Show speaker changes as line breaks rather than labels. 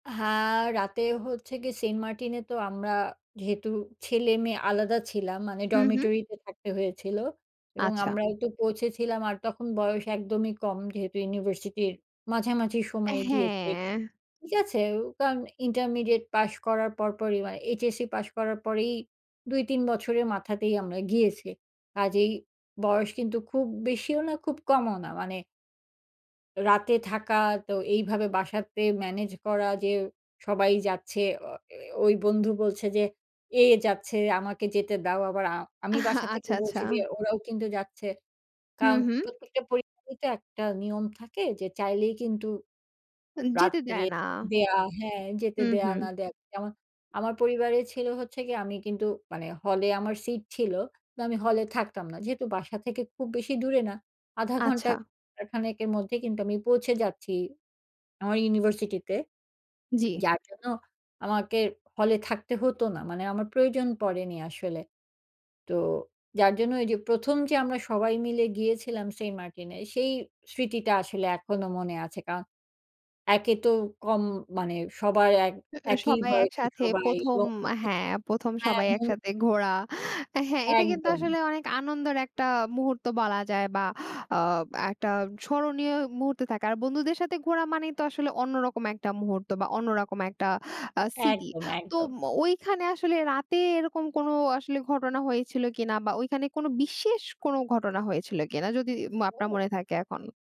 হ্যাঁ, রাতেও হচ্ছে গিয়ে সেন্টমার্টিনে তো আমরা যেহেতু ছেলেমেয়ে আলাদা ছিলাম, মানে
হু, হু।
ডরমিটরিতে থাকতে হয়েছিল। এবং
আচ্ছা।
আমরাও একটু পৌঁছেছিলাম, আর তখন বয়স একদমই কম। যেহেতু ইউনিভার্সিটির মাঝামাঝি সময়ে গিয়েছি,
হ্যাঁ।
ঠিক আছে? ও কারণ ইন্টারমিডিয়েট পাস করার পর, পরই, মানে এইচএসসি পাস করার পরেই ২-৩ বছরের মাথাতেই আমরা গিয়েছি। আজ এই বয়স কিন্তু খুব বেশিও না, খুব কমও না, মানে রাতে থাকা তো এইভাবে বাসাতে ম্যানেজ করা যে সবাই যাচ্ছে। অ এ ওই বন্ধু বলছে যে, এ যাচ্ছে, আমাকে যেতে দাও। আবার আ আমি বাসা থেকে
আচ্ছা,
বলছি যে,
আচ্ছা।
ওরাও কিন্তু যাচ্ছে।
হু,
কারণ
হু।
প্রত্যেকটা পরিবারে তো একটা নিয়ম থাকে। যে চাইলেই কিন্তু
উম যেতে
রাত্রে
দেয় না।
দেয়া হ্যাঁ, যেতে
হুম,
দেয়া
হু।
না দেয়া। যেমন আমার পরিবারে ছিল, হচ্ছে গিয়ে আমি কিন্তু, মানে, হলে আমার সিট ছিল তো, আমি হলে থাকতাম না। যেহেতু বাসা থেকে খুব বেশি দূরে না, ১/২
আচ্ছা।
ঘন্টা-১ ঘণ্টা এর মধ্যেই কিন্তু আমি পৌঁছে যাচ্ছি আমার ইউনিভার্সিটিতে।
জি।
যার জন্য আমাকে হলে থাকতে হতো না। মানে আমার প্রয়োজন পড়েনি আসলে। তো যার জন্য এই যে ১ম যে আমরা সবাই মিলে গিয়েছিলাম সেন্ট মার্টিনে, সেই স্মৃতিটা আসলে এখনো মনে আছে। কারণ একে তো কম মানে, সবাই এক
এ এ
একই
সবাই
বয়সী
একসাথে
সবাই
১ম
[unintelligible]
হ্যাঁ, ১ম
হ্যাঁ।
সবাই
[unintelligible]
একসাথে ঘোরা। আ হ্যাঁ, এটা কিন্তু
একদম।
আসলে অনেক আনন্দের একটা মুহূর্ত বলা যায়, বা আ একটা স্মরণীয় মুহূর্তে থাকা। আর বন্ধুদের সাথে ঘোরা মানেই তো আসলে অন্যরকম একটা মুহূর্ত, বা অন্যরকম একটা আ স্মৃতি।
একদম,
তো
একদম।
ওইখানে আসলে রাতে এরকম কোনো আসলে ঘটনা হয়েছিল কিনা, বা ওইখানে কোনো বিশেষ কোনো ঘটনা হয়েছিল কিনা, যদি আপনার মনে থাকে এখন?